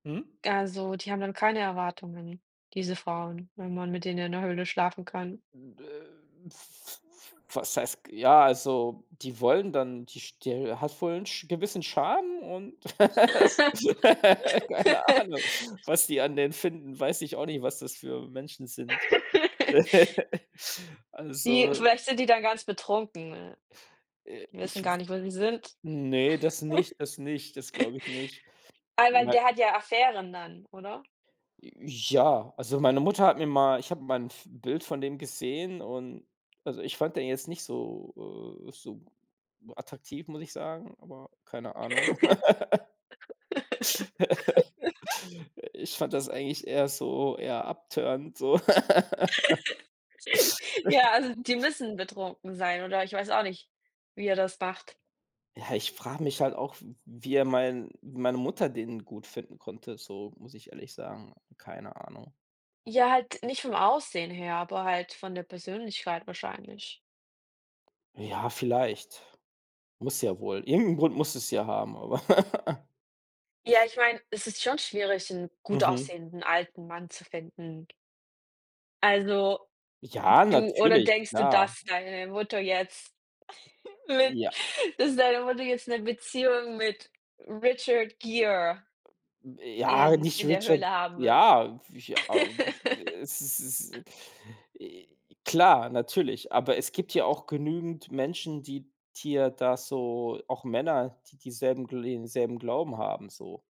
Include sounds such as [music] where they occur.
Mhm. Also, die haben dann keine Erwartungen, diese Frauen, wenn man mit denen in der Höhle schlafen kann. M äh, f f was heißt ja, also, die wollen dann die st äh, hat wohl Ch gewissen Charme und [laughs] Keine [laughs] Ahnung, was die an denen finden, weiß ich auch nicht, was das für Menschen sind. [laughs] [laughs] Die Also vielleicht sind die da ganz betrunken, äh, Äh, die ich wissen w gar nicht, wo sie sind. ne, das nicht das nicht. Das [chuckles] glaube ich nicht. Aber, Mei der hat ja Affären dann, oder? J ja, also, meine Mutter hat mir mal ich habe mal 'n f Bild von dem gesehen und also, ich fand den jetzt nicht so, äh so attraktiv, muss ich sagen, aber keine Ahnung. [laughs] [laughs] Äh, ich fand das eigentlich eher so eher abturnend so. [laughs] [laughs] [chuckles] Ja, also, die müssen betrunken sein oder ich weiß auch nicht, wie er das macht. Ja, ich frage mich halt auch, w wie, äh, mein meine Mutter den gut finden konnte, so, muss ich ehrlich sagen. Keine Ahnung. Ja, halt nicht vom Aussehen her, aber halt von der Persönlichkeit wahrscheinlich. Ja, vielleicht. Muss ja wohl. Irgend'n Grund muss es ja haben, aber [laughs] Ja, ich meine, es ist schon schwierig 'n gut Mhm. aussehenden alten Mann zu finden. Also, Ja, du oder natürlich, denkst du, klar. dass deine Mutter jetzt [chuckles] mit Ja. dass deine Mutter jetzt 'ne Beziehung mit Richard Gere Hm, ja, in nicht in der Richard Höhle haben wird. ja, w ich a äh [laughs] es es is äh, klar, natürlich. Aber es gibt ja auch genügend Menschen, die dir da so auch Männer, die dieselben gle denselben Glauben haben, so.